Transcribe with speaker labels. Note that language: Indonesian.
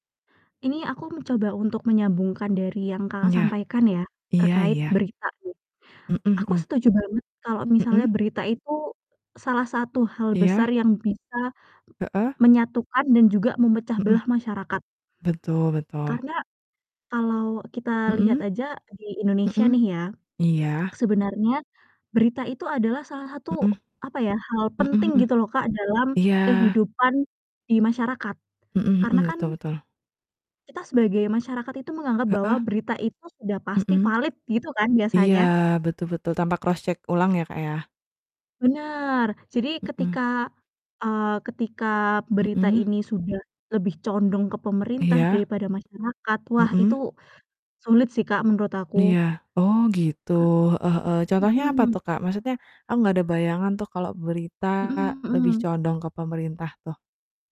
Speaker 1: Ini aku mencoba untuk menyambungkan dari yang Kakak
Speaker 2: Iya.
Speaker 1: sampaikan ya,
Speaker 2: Iya
Speaker 1: terkait
Speaker 2: iya.
Speaker 1: berita nih.
Speaker 2: Mhm
Speaker 1: Aku
Speaker 2: mhm.
Speaker 1: setuju banget kalau misalnya
Speaker 2: Mhm.
Speaker 1: berita itu salah satu hal besar
Speaker 2: Iya.
Speaker 1: yang bisa
Speaker 2: Heeh.
Speaker 1: menyatukan dan juga memecah
Speaker 2: Mhm.
Speaker 1: belah masyarakat.
Speaker 2: Betul betul.
Speaker 1: Karena kalau kita lihat
Speaker 2: Mhm.
Speaker 1: aja di Indonesia
Speaker 2: Mhm.
Speaker 1: nih ya,
Speaker 2: Iya.
Speaker 1: sebenarnya berita itu adalah salah satu,
Speaker 2: Mhm.
Speaker 1: apa ya, hal
Speaker 2: Mhm
Speaker 1: penting
Speaker 2: mhm.
Speaker 1: gitu loh, Kak, dalam
Speaker 2: Iya
Speaker 1: kehidupan di masyarakat
Speaker 2: Mhm
Speaker 1: karena
Speaker 2: mhm,
Speaker 1: kan
Speaker 2: betul betul.
Speaker 1: kita sebagai masyarakat itu menganggap bahwa
Speaker 2: Heeh.
Speaker 1: berita itu sudah pasti
Speaker 2: Mhm.
Speaker 1: valid gitu kan
Speaker 2: Iya
Speaker 1: biasanya.
Speaker 2: betul betul, tanpa cross check ulang ya, Kak, ya.
Speaker 1: Bener jadi
Speaker 2: Mhm.
Speaker 1: ketika, eee, ketika berita
Speaker 2: Mhm.
Speaker 1: ini sudah lebih condong ke pemerintah
Speaker 2: Iya.
Speaker 1: daripada masyarakat, wah itu
Speaker 2: Mhm.
Speaker 1: sulit sih, Kak, menurut aku.
Speaker 2: Iya, oh gitu,
Speaker 1: Ka
Speaker 2: heeh heeh. Contohnya apa
Speaker 1: mhm.
Speaker 2: tuh, Kak, maksudnya aku nggak ada bayangan tuh kalau berita
Speaker 1: Mhm
Speaker 2: lebih
Speaker 1: mhm.
Speaker 2: condong ke pemerintah tuh.